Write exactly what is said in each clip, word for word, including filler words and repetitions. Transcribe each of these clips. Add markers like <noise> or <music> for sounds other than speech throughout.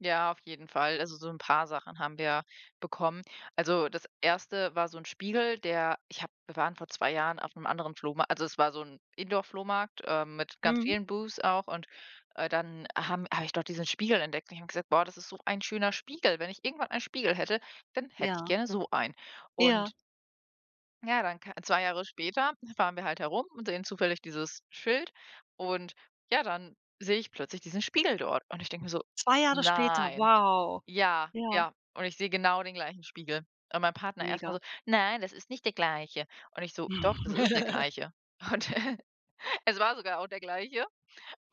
Ja, auf jeden Fall. Also, so 'n paar Sachen haben wir bekommen. Also, das erste war so 'n Spiegel, der ich habe wir waren vor zwei Jahren auf 'nem anderen Flohma also, es war so 'n Indoor-Flohmarkt, ähm, mit ganz Mhm. vielen Boots auch und, äh, dann, haben habe ich dort diesen Spiegel entdeckt und ich habe gesagt: „Boah, ist so ein schöner Spiegel. Wenn ich irgendwann einen Spiegel hätte, dann hätte ich Ja. gerne so einen.“ Ja. Und Ja, dann ka zwei Jahre später fahren wir halt herum und sehen zufällig dieses Schild und ja, dann sehe ich plötzlich diesen Spiegel dort und ich denke mir so: zwei Jahre später, „Nein.“ wow, Ja, ja. ja und ich sehe genau den gleichen Spiegel. Und mein Partner erst mal Mega. so: „Nein, das ist nicht der gleiche,“ und ich so: „Doch, das ist der <chuckles> gleiche.“ Und e es war sogar auch der Gleiche.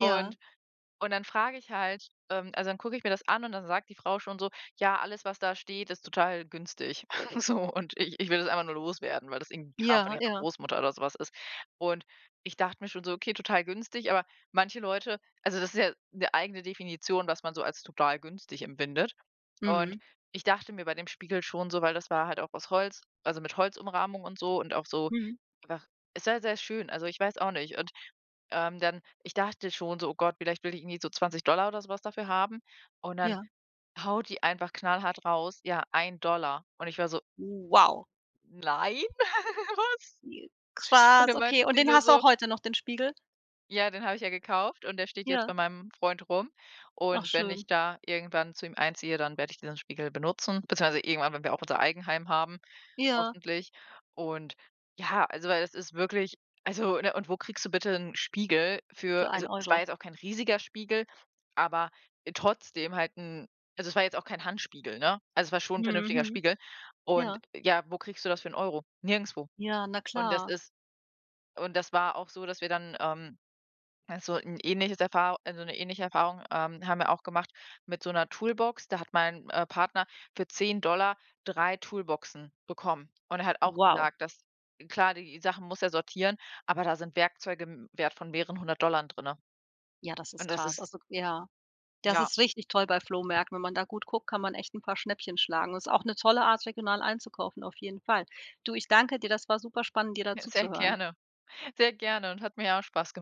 Ja. und dann frage ich halt ähm, also, dann gucke ich mir das an und dann sagt die Frau schon so: „Ja, alles, was da steht, ist total günstig. <chuckles> So und ich ich will das einfach nur loswerden,“ weil das irgendwie Kram von Ja, ihrer ja. Großmutter oder so was ist. Und ich dachte mir schon so: „Okay, total günstig,“ aber manche Leute also, das ist ja 'ne eigene Definition, was man so als total günstig empfindet. Und Mhm. ich dachte mir bei dem Spiegel schon so, weil das war halt auch aus Holz, also, mit Holzumrahmung und so und auch so Mhm. einfach sehr, sehr schön, also, ich weiß auch nicht. Und, ähm, dann ich dachte schon so: „Oh Gott, vielleicht will die irgendwie so zwanzig Dollar oder so was dafür haben?“ Und dann Ja. haut die einfach knallhart raus: „Ja, ein Dollar.“ Und ich war so: Wow. „Nein, <giggles> was?“ Je Und krass, dann okay. meinte Und sie den nur hast du so: auch heute noch, den Spiegel? Ja, den habe ich ja gekauft und der steht jetzt Ja. bei meinem Freund rum Ach und wenn schön. ich da irgendwann zu ihm einziehe, dann werde ich diesen Spiegel benutzen beziehungsweise irgendwann, wenn wir auch unser Eigenheim haben, Ja. hoffentlich. Und ja, also, weil das ist wirklich also, ne und wo kriegst du bitte 'n Spiegel für Für also, ein es war Euro. jetzt auch kein riesiger Spiegel, aber trotzdem halt 'n also, es war jetzt auch kein Handspiegel, ne? Also, es war schon vernünftiger Mhm. Spiegel und Ja. ja, wo kriegst du das für 'n Euro? Nirgendwo. Ja. Na Und das klar. ist und das war auch so, dass wir dann, ähm, also, 'n ähnliches Erfahr also, 'ne ähnliche Erfahrung, ähm, haben wir auch gemacht mit so 'ner Toolbox. Da hat mein, äh, Partner für zehn Dollar drei Toolboxen bekommen. Und er hat auch Wow. gesagt, dass klar, die Sachen muss er sortieren, aber da sind Werkzeuge im Wert von mehreren hundert Dollar drin. Ja, das ist Und das krass, ist also, k ja. Das Ja. ist richtig toll bei Flohmärkten, wenn man da gut guckt, kann man echt 'n paar Schnäppchen schlagen. Ist auch 'ne tolle Art, regional einzukaufen, auf jeden Fall. Du, ich danke dir, das war super spannend, dir da Sehr zuzuhören. gerne, sehr gerne und hat mir auch Spaß gem